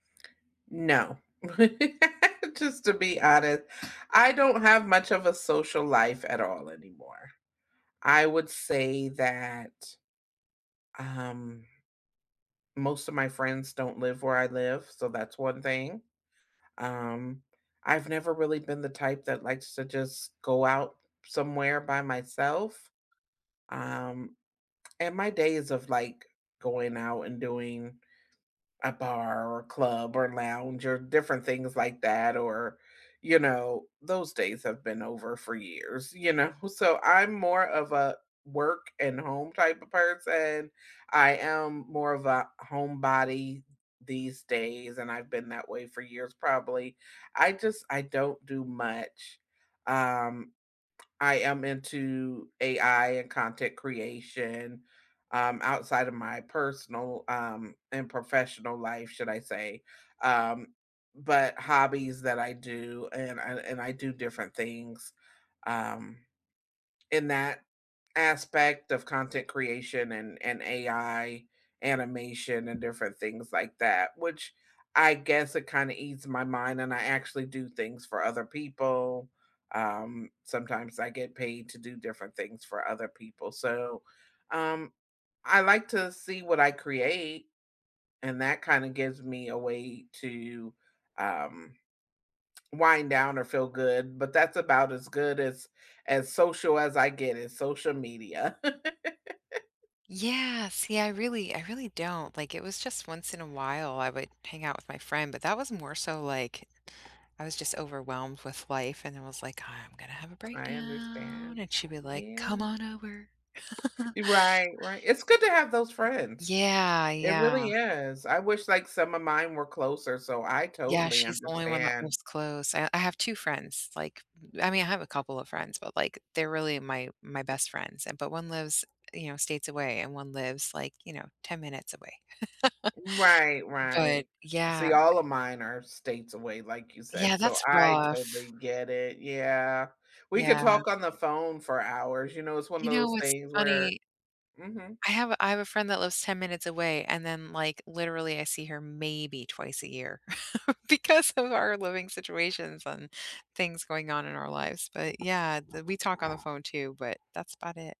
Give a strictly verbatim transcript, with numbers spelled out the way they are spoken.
No. Just to be honest, I don't have much of a social life at all anymore. I would say that, um, most of my friends don't live where I live, so that's one thing, um, I've never really been the type that likes to just go out somewhere by myself, um, and my days of, like, going out and doing a bar, or a club, or lounge, or different things like that, or you know, those days have been over for years, you know? So, I'm more of a work and home type of person, I am more of a homebody these days and I've been that way for years, probably. I just I don't do much, um, I am into AI and content creation, um, outside of my personal, um, and professional life, should I say, um, but hobbies that I do and I and I do different things, um, in that aspect of content creation and and AI animation and different things like that, which I guess it kinda ease my mind, and I actually do things for other people, um, sometimes I get paid to do different things for other people, so, um, I like to see what I create, and that kinda gives me a way to, um, wind down or feel good, but that's about as good as as social as I get in social media. Yes. Yeah, I really I really don't, like, it was just once in a while, I would hang out with my friend, but that was more so like I was just overwhelmed with life and I was like, "I'm gonna have a I understand. breakdown," and she'd be like, Yeah. "Come on over." Right, right. It's good to have those friends, Yeah, it yeah. really is. I wish, like, some of mine were closer, so I Yeah, totally she's the only one that understand. lives close. I I have two friends, like, m I mean, I have a couple of friends, but, like, they're really my my best friends, e but one lives, you know, states away and one lives, like, you know, ten minutes away, Right, but right. See, Yeah all of mine are states away like you said, Yeah, so that's I rough. totally get it Yeah, we could Yeah. talk on the phone for hours, you know, it's one of You know those what's things where funny? Mhm. I have I have a friend that lives ten minutes away and then, like, literally I see her maybe twice a year, because of our living situations and things going on in our lives, but yeah, the we talk on the phone too, but that's about it.